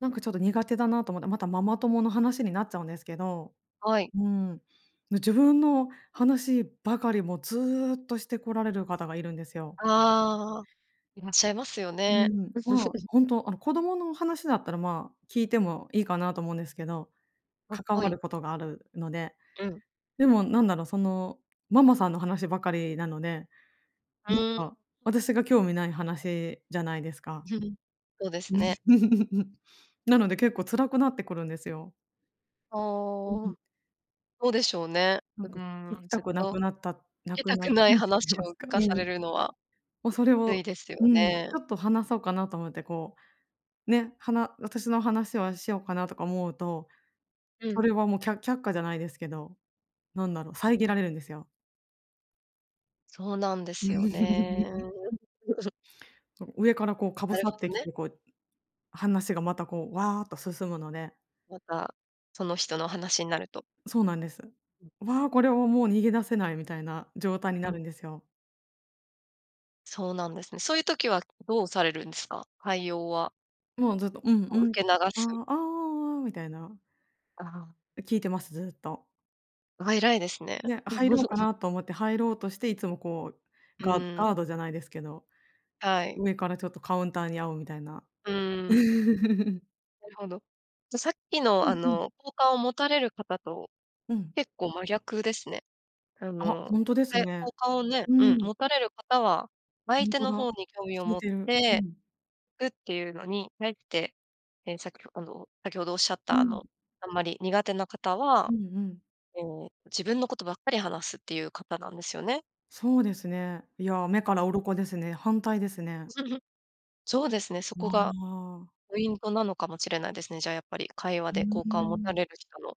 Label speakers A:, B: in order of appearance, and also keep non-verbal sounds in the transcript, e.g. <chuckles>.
A: なんかちょっと苦手だなと思って。またママ友の話になっちゃうんですけど。
B: はい。
A: うーん。自分の話ばかり、もうずっとしてこられる方がいるんですよ。
B: ああ。いらっしゃいますよ
A: う
B: ね。
A: ん。まあ、
B: <laughs>
A: ほんと、あの、子供の話だったら、まあ、聞いてもいいかなと思うんですけど、
B: あ、
A: 関
B: は
A: わ
B: い。
A: ることがあるので。
B: うん。
A: でもなんだろう、そのママさんの話ばかりなので、
B: う
A: なん
B: ーん。
A: か私が興味ない話じゃないですか。
B: <chuckles> そうですね。
A: <chuckles> なので、結構辛くなってくるんですよ。
B: あ
A: う
B: あ。うん。
A: ん。
B: そうでしょうね。
A: な
B: う
A: んか、聞
B: ーん、
A: きた
B: ずっ
A: くな
B: と、
A: くなったな
B: 聞き
A: く
B: た
A: な
B: くない
A: <unintelligible>
B: 話
A: す
B: を聞
A: か、う
B: かさ
A: ー
B: れ
A: ん。
B: るのは、
A: も、それ
B: つい
A: を、
B: ですよ
A: うん。ち
B: ね。
A: ょっと話そうかなと思ってこう、ね、はな私の話をしようかなとか思うと、
B: う
A: そ
B: ん。
A: れはもう、きゃ却下じゃないですけど、なんだろう遮られるんですよ。
B: そうなんですよね。
A: <chuckles>
B: <chuckles>
A: そう、上からこうかぶ
B: なる
A: さっ
B: ほ
A: て
B: ど
A: き
B: ね。
A: て、こう話が、またこう、ワーッと進むので。
B: また、その人の話になると。
A: そうなんです。
B: うん。
A: わ、これはもう逃げ出せないみたいな状態に
B: う
A: な
B: ん。
A: るんですよ。
B: そうなんですね。そういう時はどうされるんですか？対応は。
A: もうずっと、うん
B: も
A: う
B: う
A: んっ
B: 受け流
A: て。あ、
B: す。
A: ああ、ああ、ああ、みたいな。
B: ああ。
A: 聞いてます、ずっと。
B: あ、偉いですね。
A: ね、入ろうか
B: <chuckles>
A: なと思って、入ろうとして、いつもこう
B: う
A: ガ
B: ー
A: ガー
B: ん。
A: ドじゃないですけど、
B: はい。
A: 上からちょっとカウンターに遭う、みたいな。
B: うーん。
A: <chuckles>
B: なるほど。じゃ、さっき
A: う
B: の、あ
A: んうん。
B: の、好感を持たれる方と、
A: うん。
B: 結構真逆ですね。あ
A: あ、
B: の、
A: ほんとで
B: は
A: す
B: や
A: ね。
B: 好感をね、
A: う
B: うん。
A: ん。
B: 持たれる方は、
A: ほ
B: 相
A: ん
B: 手
A: と
B: の
A: だ。
B: 方に興味を
A: 聞い
B: 持っ
A: てる。う
B: て、
A: ん。
B: いくっていうのに、ねって。ね、さっきあの、先程おっしゃっ
A: う
B: た、あ
A: ん。
B: の、あんまり苦手な方
A: う
B: は、
A: んうん。
B: ええ、自分のことばっかり話すっていう方なんですよね。
A: そうですね。いや、目から
B: うん。
A: 鱗ですね。反対ですね。
B: <chuckles> そうですね。そ
A: ま
B: こが
A: あ。
B: ポイントなのかもしれないですね。じゃあ、やっぱり、会話
A: う
B: で
A: ー
B: 好感を持た
A: ん。
B: れる人の。